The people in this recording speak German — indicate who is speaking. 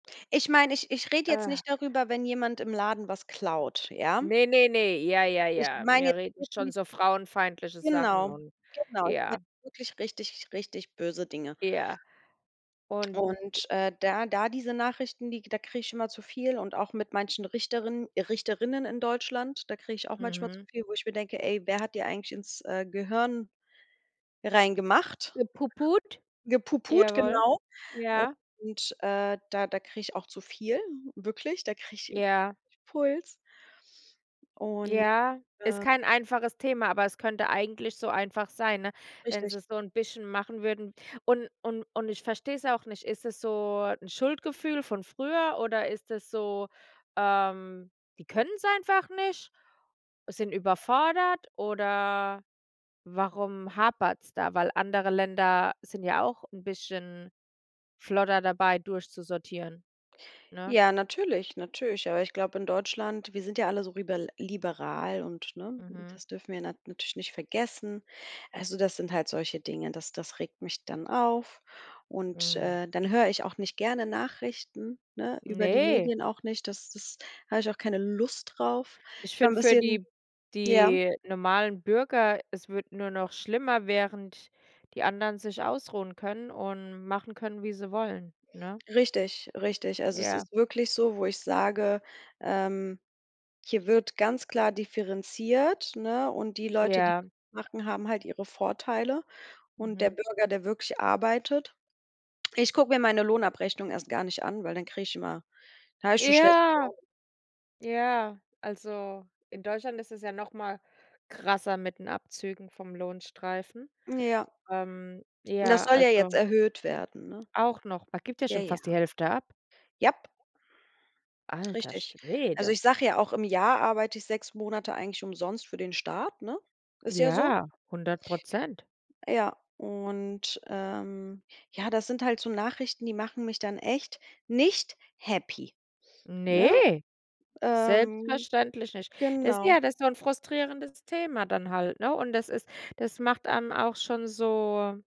Speaker 1: Ich mein, ich ich red jetzt
Speaker 2: Äh
Speaker 1: nicht darüber, wenn jemand im Laden was klaut, ja?
Speaker 2: Ne, ne, ne. Ja, ja,
Speaker 1: Ich
Speaker 2: ja.
Speaker 1: mein
Speaker 2: Wir
Speaker 1: jetzt
Speaker 2: reden schon
Speaker 1: wirklich
Speaker 2: so frauenfeindliche Sachen
Speaker 1: genau,
Speaker 2: und
Speaker 1: genau. Ich mein
Speaker 2: ja.
Speaker 1: wirklich richtig, richtig böse Dinge.
Speaker 2: Ja. Und
Speaker 1: Und, äh, da da diese Nachrichten, die da kriege ich immer zu viel und auch mit manchen Richterin Richterrinnen in Deutschland, da kriege ich auch manchmal zu
Speaker 2: Mhm.
Speaker 1: viel, wo ich mir denke: „Ey, wer hat die eigentlich ins, äh, Gehirn reingemacht?”
Speaker 2: Gepuput?
Speaker 1: Gepuput.
Speaker 2: Jawoll.
Speaker 1: genau.
Speaker 2: Ja.
Speaker 1: Und, äh, da da kriege ich auch zu viel, wirklich, da kriege ich
Speaker 2: Ja.
Speaker 1: Puls. Und
Speaker 2: Ja, ist
Speaker 1: ja.
Speaker 2: kein einfaches Thema, aber es könnte eigentlich so einfach sein, ne? Wenn
Speaker 1: Richtig.
Speaker 2: sie's so 'n bisschen machen würden. Und und und ich versteh's auch nicht, ist es so 'n Schuldgefühl von früher oder ist es so, ähm: „Die können's einfach nicht”, sind überfordert oder warum hapert es da? Weil andere Länder sind ja auch 'n bisschen flotter dabei, durchzusortieren, ne?
Speaker 1: Ja, natürlich, natürlich, aber ich glaub in Deutschland, wir sind ja alle so ribel liberal und ne,
Speaker 2: Mhm.
Speaker 1: das dürfen wir nat natürlich nicht vergessen. Also, das sind halt solche Dinge, das das regt mich dann auf. Und,
Speaker 2: Hm.
Speaker 1: äh, dann hör ich auch nicht gerne Nachrichten, ne? über die
Speaker 2: Ne.
Speaker 1: Medien auch nicht, das das hab ich auch keine Lust drauf.
Speaker 2: Ich
Speaker 1: Ich war 'n
Speaker 2: find für
Speaker 1: bisschen
Speaker 2: die
Speaker 1: ja?
Speaker 2: die normalen Bürger es wird nur noch schlimmer, während die anderen sich ausruhen können und machen können, wie sie wollen, ne?
Speaker 1: Richtig, richtig. Also, es
Speaker 2: Ja.
Speaker 1: ist wirklich so, wo ich sage, ähm: „Hier wird ganz klar differenziert“, ne? Und die Leute, die
Speaker 2: Ja.
Speaker 1: machen, die haben halt ihre Vorteile und der
Speaker 2: Mhm.
Speaker 1: Bürger, der wirklich arbeitet ich guck mir meine Lohnabrechnung erst gar nicht an, weil dann kriege ich immer dann hab ich schon schlechte
Speaker 2: Ja,
Speaker 1: Laune.
Speaker 2: ja. Also, in Deutschland ist es ja noch mal krasser mit den Abzügen vom Lohnstreifen.
Speaker 1: Ja.
Speaker 2: Ähm,
Speaker 1: Und das
Speaker 2: ja,
Speaker 1: soll ja jetzt
Speaker 2: also
Speaker 1: erhöht werden, ne?
Speaker 2: Auch noch? Man gibt ja
Speaker 1: Ja,
Speaker 2: schon fast die
Speaker 1: ja.
Speaker 2: Hälfte ab.
Speaker 1: Jap.
Speaker 2: Alter
Speaker 1: Richtig. Also,
Speaker 2: Schwede.
Speaker 1: ich sage ja auch, im Jahr arbeite ich 6 Monate eigentlich umsonst für den Staat, ne? Ist ja so.
Speaker 2: Ja, 100%
Speaker 1: Ja, und, ähm ja, das sind halt so Nachrichten, die machen mich dann echt nicht happy, ne?
Speaker 2: Ne,
Speaker 1: Ähm
Speaker 2: selbstverständlich nicht. Das
Speaker 1: genau.
Speaker 2: ja das ist so 'n frustrierendes Thema dann halt, ne? Und das ist das macht dann auch schon so